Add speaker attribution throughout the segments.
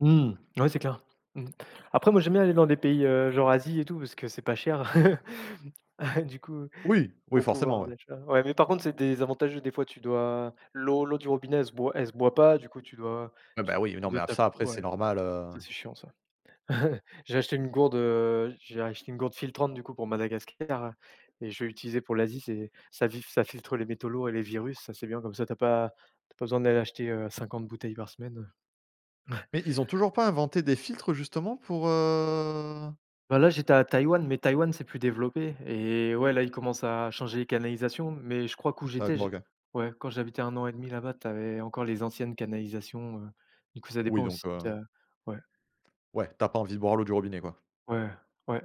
Speaker 1: Mmh. Ouais c'est clair. Mmh. Après, moi, j'aime bien aller dans des pays, heu, genre Asie et tout parce que c'est pas cher. ...du coup,
Speaker 2: Oui oui,
Speaker 1: au
Speaker 2: forcément,
Speaker 1: pouvoir
Speaker 2: ouais.
Speaker 1: d'achat. Ouais, mais par contre, c'est désavantageux. Des fois tu bois, l'eau l'eau du robinet, elle se boit elle se boit pas. Du coup, tu dois
Speaker 2: Ah
Speaker 1: tu
Speaker 2: bah, oui, non,
Speaker 1: dois
Speaker 2: mais
Speaker 1: te
Speaker 2: ça,
Speaker 1: taper
Speaker 2: après,
Speaker 1: ouais,
Speaker 2: c'est normal, heu
Speaker 1: ça ça, c'est chiant, ça. J'ai acheté une gourde, heu, j'ai acheté une gourde filtrante du coup pour Madagascar et je vais l'utiliser pour l'Asie. C'est ça filtre ça filtre les métaux lourds et les virus. Ça, c'est bien, comme ça tu as pas tu as pas besoin d'aller acheter, heu, 50 bouteilles par semaine, heu
Speaker 2: Mais ils ont toujours pas inventé des filtres, justement, pour, heu?
Speaker 1: Bah, là, j'étais à Taïwan, mais Taïwan, c'est plus développé et ouais, là, ils commencent à changer les canalisations, mais je crois qu'où j'étais j'ai
Speaker 2: [unintelligible]
Speaker 1: ouais, quand j'habitais 1,5 là-bas, tu avais encore les anciennes canalisations, heu, et du coup ça dépend
Speaker 2: Oui,
Speaker 1: aussi
Speaker 2: donc heu
Speaker 1: da ouais
Speaker 2: Ouais, tu as pas envie de boire l'eau du robinet, quoi.
Speaker 1: Ouais, ouais,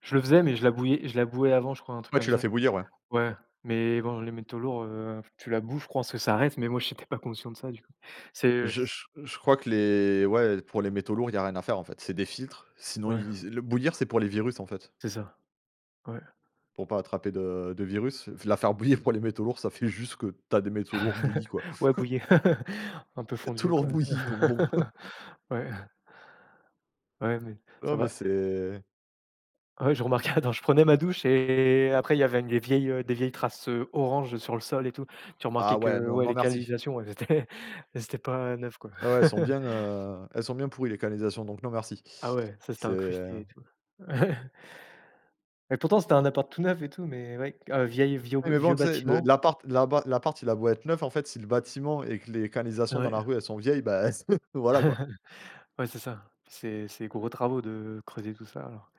Speaker 1: je le faisais, mais je la bouillais je la bouillais avant, je crois, un truc
Speaker 2: Ouais,
Speaker 1: comme
Speaker 2: tu l'as
Speaker 1: ça.
Speaker 2: fait bouillir, ouais.
Speaker 1: Ouais, mais bon, les métaux lourds, heu, tu la bous, je pense que ça reste, mais moi, j'étais pas conscient de ça, du coup. C'est heu
Speaker 2: Je je je crois que les ouais, pour les métaux lourds, il y a rien à faire, en fait, c'est des filtres. Sinon,
Speaker 1: ouais
Speaker 2: il le bouillir, c'est pour les virus, en fait
Speaker 1: c'est ça, ouais.
Speaker 2: pour pas attraper de-de virus, la faire bouillir, pour les métaux lourds, ça fait juste que tu as des métaux lourds bouillis, quoi
Speaker 1: Ouais, bouillie,, un peu
Speaker 2: tout
Speaker 1: fondue,
Speaker 2: lourd,
Speaker 1: quoi.
Speaker 2: bouillis, donc bon
Speaker 1: Ouais. Ouais, mais ça
Speaker 2: Non, mais
Speaker 1: va
Speaker 2: c'est
Speaker 1: Ouais, je remarquais, quand je prenais ma douche et après il y avait des vieilles, heu, des vieilles traces, heu, orange sur le sol et tout. Tu
Speaker 2: Ah
Speaker 1: remarquais
Speaker 2: ouais,
Speaker 1: que,
Speaker 2: non
Speaker 1: ouais,
Speaker 2: non
Speaker 1: les
Speaker 2: merci.
Speaker 1: canalisations, elles étaient elles étaient pas neuves, quoi.
Speaker 2: Ouais, elles sont bien, heu, elles sont bien pourries les canalisations, donc non, merci.
Speaker 1: Ah ouais, ça, c'était
Speaker 2: C'est
Speaker 1: incrusté, et tout. Ouais. Et pourtant, c'était un appart tout neuf, et tout, mais ouais, heu, vieil vieux
Speaker 2: Ouais, mais bon,
Speaker 1: vieux
Speaker 2: tu sais l
Speaker 1: bâtiment.
Speaker 2: l'appart l'appart l'appart, il a beau être neuf, en fait, si le bâtiment, et que les canalisations dans la
Speaker 1: Ouais.
Speaker 2: rue, elles sont vieilles, bah, ce voilà, quoi.
Speaker 1: Ouais, c'est ça. C'est c'est gros travaux, de creuser tout ça, alors